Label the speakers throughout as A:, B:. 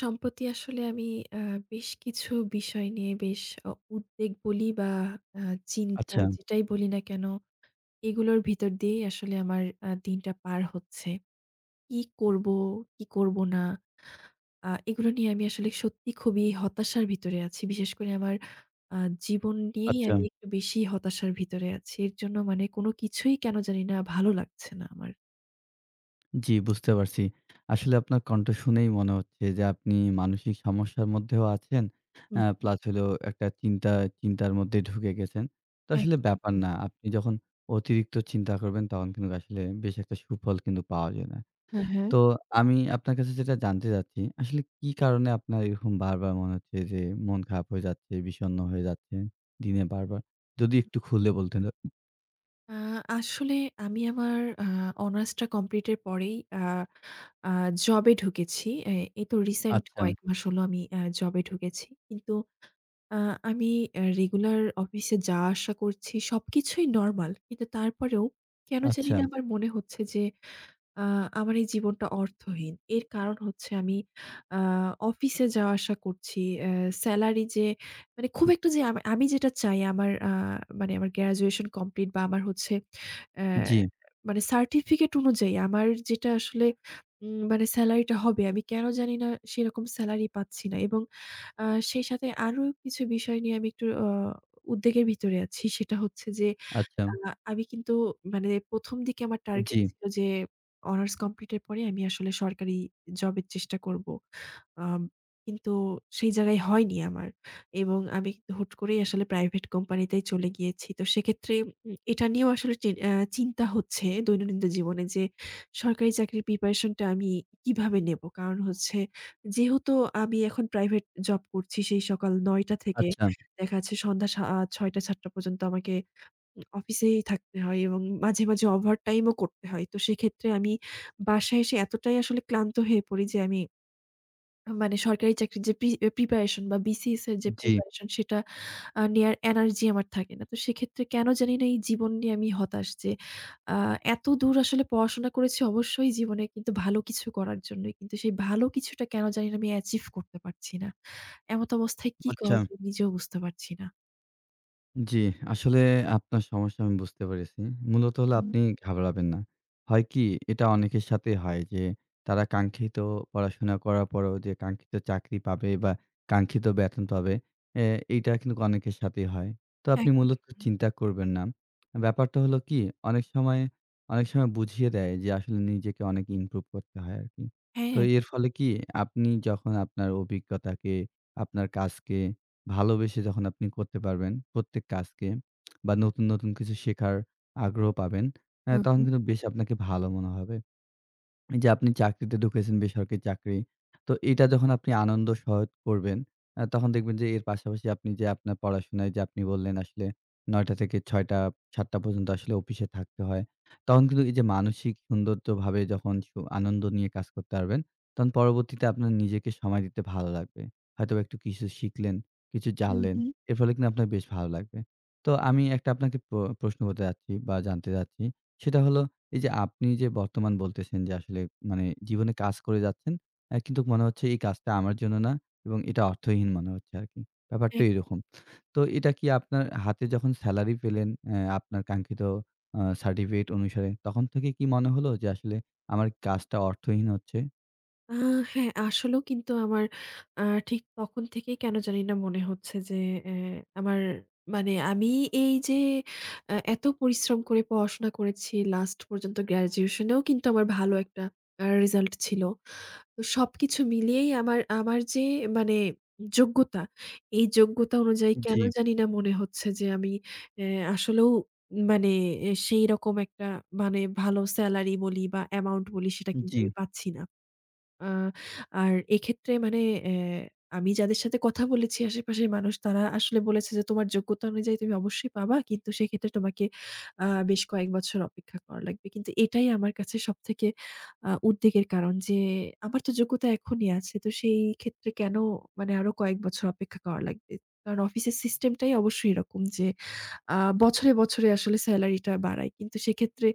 A: সম্প্রতি আসলে আমি আ বেশ কিছু বিষয় নিয়ে বেশ অ উদ্বেগ বলি বা আ চিন্তা
B: আচ্ছা।
A: যেটাই বলি না কেন, এগুলোর ভিতর দিয়েই আসলে আমার আ দিনটা পার হচ্ছে। কি করবো, কি করবো না, আ এগুলো নিয়ে আমি আসলে সত্যি খুবই হতাশার ভিতরে আছি। বিশেষ করে আমার আ জীবন নিয়েই আমি
B: আচ্ছা।
A: একটু বেশি হতাশার ভিতরে আছি। এর জন্য মানে কোন কিছুই কেন জানি না ভালো লাগছে না আমার।
B: জি, বুঝতে পারছি। আসলে আপনার কণ্ঠ শুনেই মনে হচ্ছে যে আপনি মানসিক সমস্যার মধ্যেও আছেন।
A: হু,
B: অ্যা
A: হু।
B: প্লাস হলো একটা চিন্তা চিন্তার মধ্যে ঢুকে গেছেন। তো আসলে
A: একদম,
B: ব্যাপার
A: একদম।
B: না। আপনি যখন অতিরিক্ত চিন্তা করবেন, তখন কিন্তু আসলে বেশি একটা সুফল কিন্তু পাওয়া যায় না।
A: হুম, হুম।
B: তো আমি আপনার কাছে যেটা জানতে চাচ্ছি। আসলে কি কারণে আপনার এরকম বারবার মনে হচ্ছে যে মন খারাপ হয়ে যাচ্ছে, বিষন্ন হয়ে যাচ্ছেন দিনে বারবার? যদি
A: হু।
B: একটু খুললে বলতেন? [unintelligible]
A: আ আসলে আমি আমার আ অনার্স টা কমপ্লিট এর পরেই আ আ জবে ঢুকেছি। এ এই তো রিসেন্ট
B: আচ্ছা।
A: কয়েক মাস হলো আমি অ্যা জবে ঢুকেছি। কিন্তু আ আমি এ রেগুলার অফিসে যাওয়া আসা করছি, সবকিছুই নরমাল। কিন্তু তারপরেও কেন
B: আচ্ছা।
A: জানিনা আমার মনে হচ্ছে যে আ আমার এই জীবনটা অর্থহীন। এর কারণ হচ্ছে আমি আ অফিসে যাওয়া আসা করছি। অ্যা সেলারি যে মানে খুব একটা যে আম আমি যেটা চাই আমার আ মানে গ্র্যাজুয়েশন কমপ্লিট বা আমার হচ্ছে অ্যা
B: জি।
A: মানে সার্টিফিকেট অনুযায়ী আমার যেটা আসলে উম মানে স্যালারিটা হবে, আমি কেন জানিনা সেরকম স্যালারি পাচ্ছি না। এবং আ সেই সাথে আরও কিছু বিষয় নিয়ে আমি একটু অ উদ্বেগের ভিতরে আছি। সেটা হচ্ছে যে আ
B: আচ্ছা।
A: আমি কিন্তু মানে ১ম দিকে আমার
B: উম
A: টার্গেট
B: জি।
A: ছিল যে অনার্স কমপ্লিট এর পরে আমি আসলে সরকারি জবের চেষ্টা করব। আ কিন্তু সেই জায়গায় হয়নি আমার। এবং আমি কিন্তু হুট করেই আসলে প্রাইভেট কোম্পানিতেই চলে গিয়েছি। তো সেক্ষেত্রে উম এটা নিয়েও আসলে চিন অ্যা চিন্তা হচ্ছে দৈনন্দিন জীবনে যে সরকারি চাকরির প্রিপারেশন টা আমি কিভাবে নেব? কারণ হচ্ছে যেহেতু আমি এখন প্রাইভেট জব করছি। সেই সকাল ৯ টা থেকে
B: আচ্ছা।
A: দেখা যাচ্ছে সন্ধ্যা সা আ ৬:০০-৭:০০ পর্যন্ত আমাকে উম অফিসেই থাকতে হয়। এবং মাঝে, মাঝে ওভারটাইমও করতে হয়। তো সেক্ষেত্রে আমি বাসায় এসে এতটাই আসলে ক্লান্ত হয়ে পড়ি যে আমি উম মানে সরকারি চাকরির যে পি অ্যা প্রিপারেশন বা BCS এর যে
B: জি।
A: প্রিপারেশন সেটা আ নেয়ার এনার্জি আমার থাকে না। তো সেক্ষেত্রে কেন জানিনা এই জীবন নিয়ে আমি হতাশ। যে আ এতদূর আসলে পড়াশোনা করেছি অবশ্যই জীবনে কিন্তু ভালো কিছু করার জন্যই। কিন্তু সেই ভালো কিছুটা কেন জানি না আমি অ্যাচিভ করতে পারছি না। এমতাবস্থায় কি
B: আচ্ছা।
A: করা যায় নিজেও বুঝতে পারছি না।
B: জি, আসলে আপনার সমস্যা আমি বুঝতে পেরেছি। মূলত হলো
A: হুম।
B: আপনি ঘাবড়াবেন না। হয়কি? এটা অনেকের সাথেই হয় যে, তারা কাঙ্ক্ষিত পড়াশোনা করার পরেও, যে কাঙ্ক্ষিত চাকরি পাবে বা, কাঙ্ক্ষিত বেতন পাবে। এ এইটা কিন্তু অনেকের সাথেই হয়। তো আপনি
A: একদম।
B: মূলত চিন্তা করবেন না। ব্যাপারটা হলো কি? অনেক সময় অনেক সময় বুঝিয়ে দেয় যে আসলে নিজেকে অনেক ইমপ্রুভ করতে হয় আরকি।
A: হ্যাঁ,
B: তো
A: হ্যাঁ।
B: এর ফলে কি? আপনি যখন আপনার অভিজ্ঞতাকে, আপনার কাজকে ভালোবেসে যখন আপনি করতে পারবেন, প্রত্যেক কাজকে বা নতুন, নতুন কিছু শেখার আগ্রহ পাবেন, এ্যা
A: হুম,
B: তখন
A: হু।
B: কিন্তু বেশ আপনাকে ভালো মনে হবে। এইযে আপনি চাকরিতে ঢুকেছেন বেসরকারি চাকরি। তো এইটা যখন আপনি আনন্দ সহিত করবেন। আ তখন দেখবেন যে এর পাশাপাশি আপনি যে আপনার পড়াশোনায় যে আপনি বললেন আসলে ৯ঃ০০ টা থেকে ৬ঃ০০ টা, ৭ঃ০০ টা পর্যন্ত আসলে অফিসে থাকতে হয়। তখন কিন্তু এইযে মানসিক সৌন্দর্যভাবে যখন সু আনন্দ নিয়ে কাজ করতে পারবেন, তখন পরবর্তীতে আপনার নিজেকে সময় দিতে ভালো লাগবে। হয়তোবা একটু কিছু শিখলেন, কিছু
A: হুম,
B: জানলেন।
A: হুম।
B: এর ফলে কিন্তু আপনার বেশ ভালো লাগবে। তো আমি একটা আপনাকে প্র প্রশ্ন করতে যাচ্ছি বা, জানতে চাচ্ছি। সেটা হলো, এইযে আপনি যে বর্তমান বলতেছেন যে, "আসলে মানে জীবনে কাজ করে যাচ্ছেন। এ্যা কিন্তু মনে হচ্ছে এই কাজটা আমার জন্য না।" এবং এটা অর্থহীন মনে হচ্ছে আরকি। ব্যাপারটা
A: একদম।
B: এইরকম। তো এটা কি আপনার হাতে যখন স্যালারি পেলেন এ্যা আপনার কাঙ্ক্ষিত আ সার্টিফিকেট অনুসারে তখন থেকে কি মনে হলো যে, আসলে আমার কাজটা অর্থহীন হচ্ছে?
A: আ হ্যাঁ আসলেও কিন্তু আমার আর ঠিক তখন থেকেই কেন জানিনা মনে হচ্ছে যে, এ আমার মানে আমি এইযে এ এত পরিশ্রম করে পড়াশোনা করেছি, লাস্ট পর্যন্ত গ্র্যাজুয়েশন এও কিন্তু আমার ভালো একটা আর রেজাল্ট ছিলো। তো সবকিছু মিলিয়েই আমার আমার যে মানে যোগ্যতা, এই যোগ্যতা অনুযায়ী কেনো
B: জি।
A: জানিনা মনে হচ্ছে যে, আমি এ আসলেও মানে এ সেইরকম একটা মানে ভালো সেলারি বলি বা অ্যামাউন্ট বলি সেটা কিন্তু
B: জি।
A: আমি পাচ্ছি না। আ আর এক্ষেত্রে মানে এ আমি যাদের সাথে কথা বলেছি আশেপাশের মানুষ তারা আসলে বলেছে যে "তোমার যোগ্যতা অনুযায়ী তুমি অবশ্যই পাবা। কিন্তু সেক্ষেত্রে তোমাকে আ বেশ কয়েক বছর অপেক্ষা করা লাগবে।" কিন্তু এটাই আমার কাছে সবথেকে আ উদ্বেগের কারণ যে, আমার তো যোগ্যতা এখনই আছে। তো সেই ক্ষেত্রে কেন মানে আরো কয়েক বছর অপেক্ষা করা লাগবে। কারণ অফিসের সিস্টেমটাই অবশ্যই এরকম যে, আ বছরে, বছরে আসলে সেলারি টা বাড়াই। কিন্তু সেক্ষেত্রে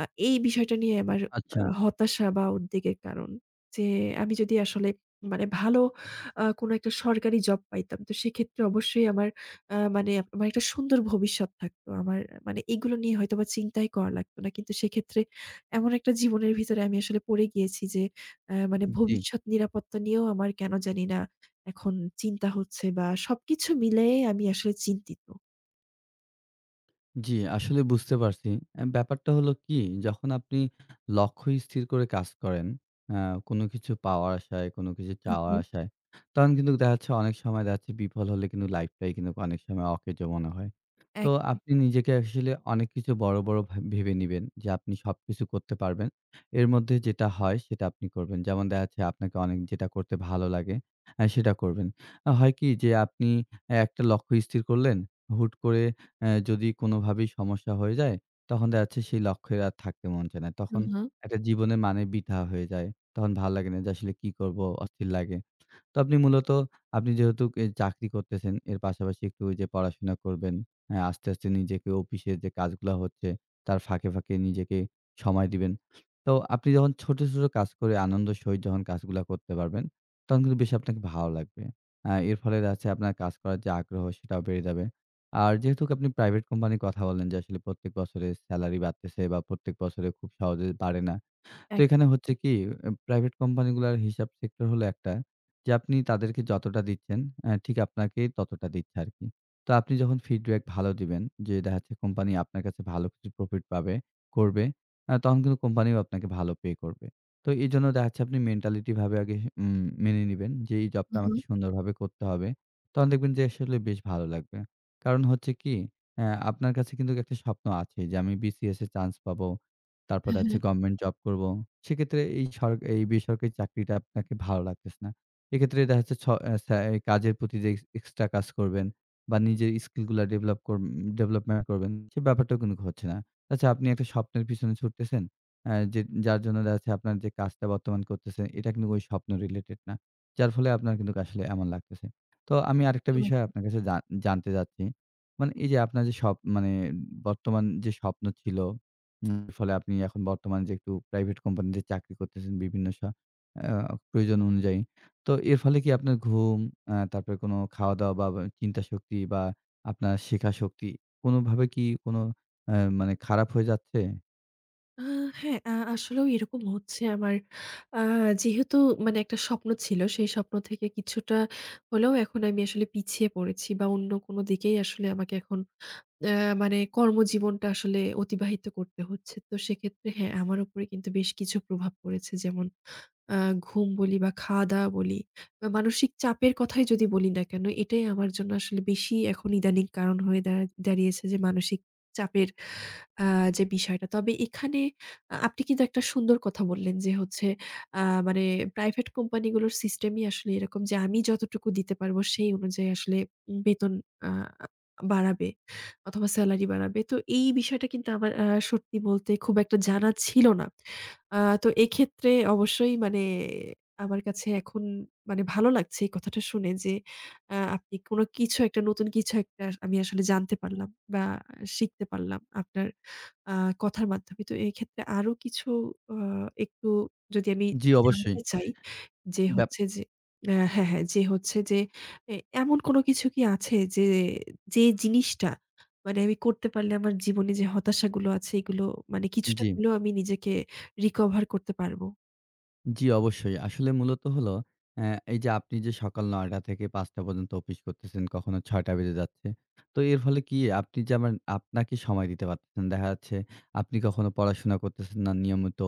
A: আ এই বিষয়টা নিয়ে আমার আ
B: আচ্ছা।
A: হতাশা বা উদ্বেগের কারন। যে আমি যদি আসলে মানে ভালো আ কোনো একটা সরকারি জব পাইতাম। তো সেক্ষেত্রে অবশ্যই আমার আ মানে আমার একটা সুন্দর ভবিষ্যৎ থাকতো। আমার মানে এগুলো নিয়ে হয়তো আমার চিন্তাই করা লাগতো না। কিন্তু সেক্ষেত্রে এমন একটা জীবনের ভিতরে আমি আসলে পড়ে গিয়েছি যে, এ মানে
B: জি।
A: ভবিষ্যৎ নিরাপত্তা নিয়েও আমার কেনো জানি না এখন চিন্তা হচ্ছে বা সবকিছু মিলায়ে আমি আসলে চিন্তিত।
B: জি, আসলে বুঝতে পারছি। অ্যা ব্যাপারটা হলো কি, যখন আপনি লক্ষ্য স্থির করে কাজ করেন অ্যা কোনো কিছু পাওয়ার আশায়, কোনো কিছু
A: হু,
B: চাওয়ার
A: হু।
B: আশায়, তখন কিন্তু দেখাচ্ছে অনেক সময় দেখাচ্ছে বিফল হলে কিন্তু লাইফটাই কিন্তু অনেক সময় অকেজো মনে হয়। তো
A: একদম,
B: আপনি
A: একদম।
B: নিজেকে আসলে অনেক কিছু বড়, বড় ভাব ভেবে নিবেন, যে আপনি সবকিছু করতে পারবেন। এর মধ্যে যেটা হয় সেটা আপনি করবেন। যেমন দেখাচ্ছে আপনাকে অনেক যেটা করতে ভালো লাগে, আ সেটা করবেন। আ হয় কি যে আপনি একটা লক্ষ্য স্থির করলেন, হুট করে অ্যা যদি কোনোভাবেই সমস্যা হয়ে যায়, তখন দেখাচ্ছে সেই লক্ষ্যের আর থাকতে মন চায়না।
A: হু,
B: তখন
A: হু।
B: একটা জীবনের মানে বৃথা হয়ে যায়। তখন ভালো লাগে না, যে আসলে কি করব, অস্থির লাগে। তো আপনি মূলত, আপনি যেহেতুক এই চাকরি করতেছেন, এর পাশাপাশি একটু ওইযে পড়াশোনা করবেন, অ্যা আস্তে, আস্তে নিজেকে অফিসে যে কাজগুলা হচ্ছে তার ফাঁকে, ফাঁকে নিজেকে সময় দিবেন। তো আপনি যখন ছোট, ছোট কাজ করে আনন্দের সহিত যখন কাজগুলা করতে পারবেন, তখন কিন্তু বেশ আপনাকে ভালো লাগবে। আ এর ফলে দেখাচ্ছে আপনার কাজ করার যে আগ্রহ, সেটাও বেড়ে যাবে। আর যেহেতুক আপনি প্রাইভেট কোম্পানির কথা বললেন, যে আসলে প্রত্যেক বছরে সেলারি বাড়তেছে বা প্রত্যেক বছরে খুব সহজে বাড়ে না। তো
A: একদম,
B: এখানে হচ্ছে
A: একদম।
B: কি, প্রাইভেট কোম্পানিগুলার হিসাব সেক্টর হলো একটা, যে আপনি তাদেরকে যতটা দিচ্ছেন, অ্যা ঠিক আপনাকে ততটা দিচ্ছে আরকি। তো আপনি যখন ফিডব্যাক ভালো দিবেন, যে দেখাচ্ছে কোম্পানি আপনার কাছে ভালো কিছু প্রফিট পাবে, করবে, অ্যা তখন কিন্তু কোম্পানিও আপনাকে ভালো পে করবে। তো এইজন্য দেখাচ্ছে আপনি মেন্টালিটি ভাবে আগে উম মেনে নিবেন, যে এই জবটা
A: হু,
B: আমাকে
A: হু।
B: সুন্দরভাবে করতে হবে। তখন দেখবেন যে আসলে বেশ ভালো লাগবে। কারণ হচ্ছে কি, অ্যা আপনার কাছে কিন্তুক একটা স্বপ্ন আছে, "যে আমি BCS এ চান্স পাবো,
A: হু,
B: তারপরে হচ্ছে
A: হু।
B: গভমেন্ট জব করবো।" সেক্ষেত্রে এই সর এই বেসরকারি চাকরিটা আপনাকে ভালো লাগতেছে না। এক্ষেত্রে দেখাচ্ছে ছ অ্যা ছ্যা কাজের প্রতি যে এক্স এক্সট্রা কাজ করবেন বা নিজের স্কিলগুলা ডেভেলপ কর উম ডেভেলপমেন্ট করবেন, সে ব্যাপারটাও কিন্তুক হচ্ছে না। আচ্ছা, আপনি একটা স্বপ্নের পেছনে ছুটতেছেন, অ্যা যে যার জন্য দেখাচ্ছে আপনার যে কাজটা বর্তমান করতেছেন, এটা কিন্তু ওই স্বপ্ন রিলেটেড না। যার ফলে আপনার কিন্তুক আসলে এমন লাগতেছে। তো আমি আরেকটা
A: একদম,
B: বিষয়
A: একদম।
B: আপনার কাছে জান জানতে চাচ্ছি; মানে এইযে আপনার যে স্বপ মানে বর্তমান যে স্বপ্ন ছিল, উম ফলে আপনি এখন বর্তমান যে একটু প্রাইভেট কোম্পানিতে চাকরি করতেছেন বিভিন্ন স্ব আ প্রয়োজন অনুযায়ী, তো এর ফলে কি আপনার ঘুম, অ্যা তারপরে কোনো খাওয়া-দাওয়া বা বা চিন্তাশক্তি বা আপনার শেখা শক্তি কোনোভাবে কি কোনো অ্যা মানে খারাপ হয়ে যাচ্ছে?
A: আহ হ্যাঁ। আ আসলেও এরকম হচ্ছে আমার আ যেহেতু মানে একটা স্বপ্ন ছিল সেই স্বপ্ন থেকে কিছুটা হলেও এখন আমি আসলে পিছিয়ে পড়েছি বা, অন্য কোনো দিকেই আসলে আমাকে এখন অ্যা মানে কর্মজীবনটা আসলে অতিবাহিত করতে হচ্ছে। তো সেক্ষেত্রে হ্যাঁ, আমার উপরে কিন্তু বেশ কিছু প্রভাব পড়েছে। যেমন আ ঘুম বলি বা, খাওয়া দাওয়া বলি বা, মানসিক চাপের কথাই যদি বলি না কেন, এটাই আমার জন্য আসলে বেশি এখন ইদানিং কারণ হয়ে দাঁড় দাঁড়িয়েছে যে মানসিক চাপের আ যে বিষয়টা। তবে এখানে আ আপনি কিন্তু একটা সুন্দর কথা বললেন যে, হচ্ছে আ মানে প্রাইভেট কোম্পানিগুলোর সিস্টেমই আসলে এরকম যে আমি যতটুকু দিতে পারবো, সেই অনুযায়ী আসলে উম বেতন আ বাড়াবে অথবা, স্যালারি বাড়াবে। তো এই বিষয়টা কিন্তু আমার আ সত্যি বলতে খুব একটা জানা ছিল না। আ তো এক্ষেত্রে অবশ্যই মানে আমার কাছে এখন মানে ভালো লাগছে এই কথাটা শুনে যে, আ আপনি কোন কিছু একটা নতুন কিছু একটা আমি আসলে জানতে পারলাম বা, আ শিখতে পারলাম আপনার আ কথার মাধ্যমে। তো এক্ষেত্রে আরও কিছু আ একটু যদি আমি
B: জী,
A: জানতে
B: অবশ্যই।
A: চাই যে
B: ব্যাপ
A: হচ্ছে যে হ্যাঁ, হ্যাঁ। যে হচ্ছে যে, এ এমন কোন কিছু কি আছে যে যেই জিনিসটা মানে আমি করতে পারলে আমার জীবনে যে হতাশাগুলো আছে, এগুলো মানে কিছুটা
B: জী।
A: হলেও আমি নিজেকে রিকভার করতে পারবো?
B: জি, অবশ্যই। আসলে মূলত হলো অ্যা এইযে আপনি যে সকাল ৯ টা থেকে ৫ টা পর্যন্ত অফিস করতেছেন, কখনো ৬ টা বেজে যাচ্ছে। তো এর ফলে কি আপনি যেমন আপনাকে সময় দিতে পারতেছেন। দেখা যাচ্ছে, আপনি কখনো পড়াশোনা করতেছেন না নিয়মিত।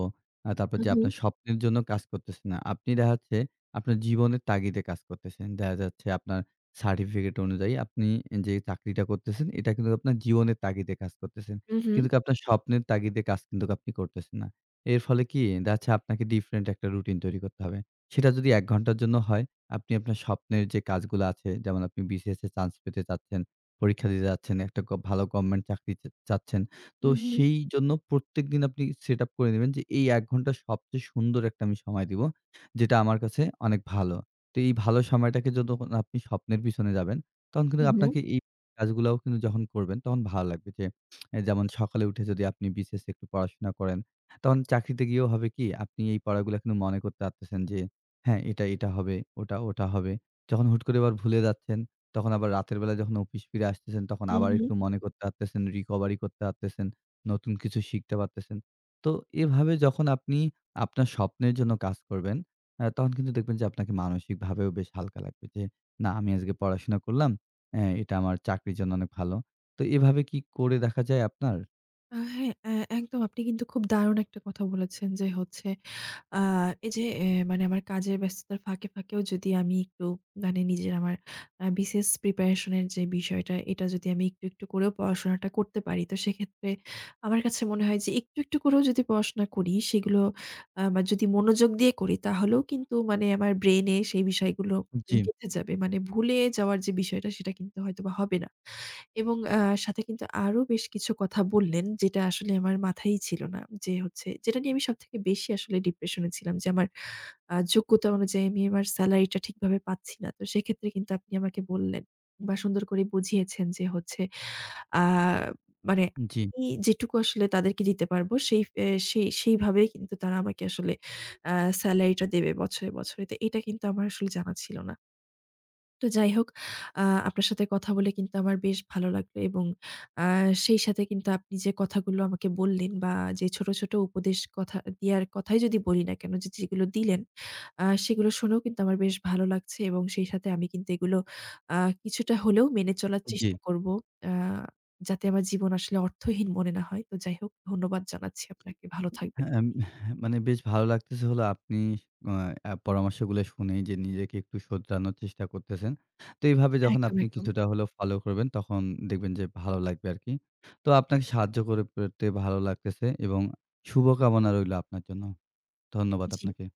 B: আ তারপর
A: হু,
B: যে
A: হু।
B: আপনার স্বপ্নের জন্য কাজ করতেছে না। আপনি দেখা যাচ্ছে আপনার জীবনের তাগিদে কাজ করতেছেন। দেখা যাচ্ছে আপনার সার্টিফিকেট অনুযায়ী আপনি এ যে চাকরিটা করতেছেন, এটা কিন্তু আপনার জীবনের তাগিদে কাজ করতেছেন।
A: হু, হু।
B: কিন্তুক আপনার স্বপ্নের তাগিদে কাজ কিন্তুক আপনি করতেছেন না। এর ফলে কি? দেখা যাচ্ছে আপনাকে ডিফারেন্ট একটা রুটিন তৈরি করতে হবে। সেটা যদি ১ ঘন্টার জন্য হয়, আপনি আপনার স্বপ্নের যে কাজগুলা আছে যেমন আপনি বিসিএস এর চান্স পেতে যাচ্ছেন, পরীক্ষা দিতে যাচ্ছেন, একটা গব ভালো গভর্নমেন্ট চাকরিতে চা চাচ্ছেন। তো
A: হু, হু।
B: সেইজন্য প্রত্যেকদিন আপনি set up করে নিবেন যে এই ১ ঘন্টার সবচেয়ে সুন্দর একটা আমি সময় দেবো। যেটা আমার কাছে অনেক ভালো। তো এই ভালো সময়টাকে যতখন না আপনি স্বপ্নের পেছনে যাবেন, তখন
A: হু,
B: কিন্তু
A: হু।
B: আপনাকে এই কাজগুলাও কিন্তু যখন করবেন, তখন ভালো লাগবে। যে যেমন সকালে উঠে যদি আপনি বিসিএস এ একটু পড়াশোনা করেন। তখন চাকরিতে গিয়েও হবে কি? আপনি এই পড়াগুলা কিন্তু মনে করতে পারতেছেন যে, হ্যাঁ, এটা, এটা হবে। ওটা, ওটা হবে। যখন হুট করে আবার ভুলে যাচ্ছেন, তখন আবার রাতের বেলায় যখন অফিস ফিরে আসতেছেন, তখন
A: হু,
B: আবার একটু
A: হু।
B: মনে করতে পারতেছেন, recovery করতে পারতেছেন, নতুন কিছু শিখতে পারতেছেন। তো এভাবে যখন আপনি আপনার স্বপ্নের জন্য কাজ করবেন, অ্যা তখন কিন্তু দেখবেন যে আপনাকে মানসিকভাবেও বেশ হালকা লাগবে। যে, না, আমি আজকে পড়াশোনা করলাম। অ্যা এটা আমার চাকরির জন্য অনেক ভালো। তো এভাবে কি করে দেখা যায় আপনার?
A: হ্যাঁ অ্যা একদম আপনি কিন্তু খুব দারুণ একটা কথা বলেছেন যে হচ্ছে, আ এইযে এ্যা মানে আমার কাজের ব্যস্ততার ফাঁকে, ফাঁকেও যদি আমি একটু মানে নিজের আমার আ BCS প্রিপারেশন এর যে বিষয়টা এটা যদি আমি একটু, একটু করেও পড়াশোনাটা করতে পারি, তো সেক্ষেত্রে আমার কাছে মনে হয় যে একটু, একটু করেও যদি পড়াশোনা করি সেগুলো আমার যদি মনোযোগ দিয়ে করি তাহলেও কিন্তু মানে আমার ব্রেইনে সেই বিষয়গুলো
B: জ্বী।
A: গেঁথে যাবে। মানে ভুলে যাওয়ার যে বিষয়টা সেটা কিন্তু হয়তোবা হবে না। এবং অ্যা সাথে কিন্তু আরো বেশ কিছু কথা বললেন যেটা আসলে আমার মাথায়ই ছিল না। যে হচ্ছে, যেটা নিয়ে আমি সবথেকে বেশি আসলে ডিপ্রেশন এ ছিলাম যে, আমার আ যোগ্যতা অনুযায়ী আমি আমার সেলারিটা ঠিকভাবে পাচ্ছি না। তো সেক্ষেত্রে কিন্তু আপনি আমাকে বললেন বা সুন্দর করে বুঝিয়েছেন যে হচ্ছে আ মানে
B: জ্বি।
A: আমি যেটুকু আসলে তাদেরকে দিতে পারবো সেই অ্যা সেই সেইভাবেই কিন্তু তারা আমাকে আসলে আ সেলারিটা দেবে বছরে, বছরে। তো এটা কিন্তু আমার আসলে জানা ছিল না। তো যাইহোক, আ আপনার সাথে কথা বলে কিন্তু আমার বেশ ভালো লাগবে। এবং আ সেই সাথে কিন্তু আপনি যে কথাগুলো আমাকে বললেন বা যে ছোট, ছোট উপদেশ, কথা দেয়ার কথাই যদি বলি না কেনো যে, যেগুলো দিলেন, আ সেগুলো শুনেও কিন্তু আমার বেশ ভালো লাগছে। এবং সেই সাথে আমি কিন্তু এগুলো আ কিছুটা হলেও মেনে চলার
B: জ্বী।
A: চেষ্টা করবো। আ যাতে আমার জীবন আসলে অর্থহীন মনে না হয়। তো যাইহোক ধন্যবাদ জানাচ্ছি আপনাকে। ভালো থাকবেন।
B: হ্যাঁ এম হ্যাঁ মানে বেশ ভালো লাগতেছে হলো আপনি অ্যা পরামর্শগুলো শুনেই যে নিজেকে একটু শোধরানোর চেষ্টা করতেছেন। তো এইভাবে যখন
A: একদম,
B: আপনি
A: একদম।
B: কিছুটা হলেও ফলো করবেন, তখন দেখবেন যে ভালো লাগবে আরকি। তো আপনাকে সাহায্য করে পেরে ভালো লাগতেছে এবং শুভকামনা রইলো আপনার জন্য। ধন্যবাদ
A: জ্বী।
B: আপনাকে।